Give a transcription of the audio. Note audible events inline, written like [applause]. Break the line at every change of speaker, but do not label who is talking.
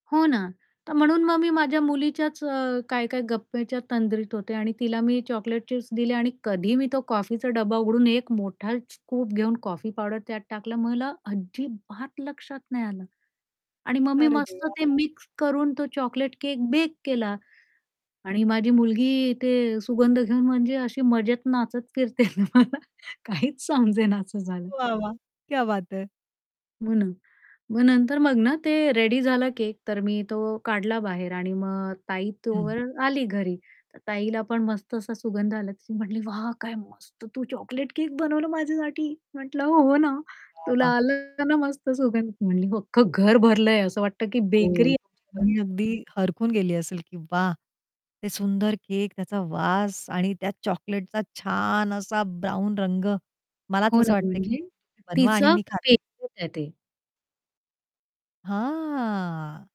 हो ना, तर म्हणून मग मी माझ्या मुलीच्याच अ, काय-काय गप्प्याच्या तंद्रीत होते आणि तिला मी चॉकलेट चिप्स दिले आणि कधी मी तो कॉफीचा डब्बा उघडून एक मोठा स्कूप घेऊन कॉफी पावडर त्यात टाकलं मला अजिबात लक्षात नाही आलं. आणि मग मी
अरे
मस्त
देवा!
ते
हां.
मिक्स करून तो चॉकलेट केक बेक केला. आणि माझी मुलगी इथे सुगंध घेऊन म्हणजे अशी मजेत नाचत फिरतये ना मला काहीच समजेना असं झालं.
वाह, वाह! क्या बात है!
म्हणून. मग नंतर मग ना, ते रेडी झालं केक, तर मी तो काढला बाहेर आणि मग ताई
हं.
तोवर आली घरी तर ताईला पण मस्त असा सुगंध आला ती म्हटली, "वाह काय मस्त तू चॉकलेट केक बनवलं माझ्यासाठी" म्हटलं, "हो ना,"
वाह,
तुला
वाह!
आलं ना, मस्त सुगंध म्हटली "हो अख्खं घर भरलंय असं वाटतं की"
हो.
"बेकरी आहे."
बहीण अगदी हरखून गेली असेल की वाह! ते सुंदर केक, त्याचा वास आणि त्या चॉकलेटचा छान असा ब्राउन रंग मलाच
हो
असं
ना,
वाटतंय की
म्हणजे
तुम्ही बनवा
तीच
आणि मी
[unintelligible]
खाते.
आहे ते.
हां.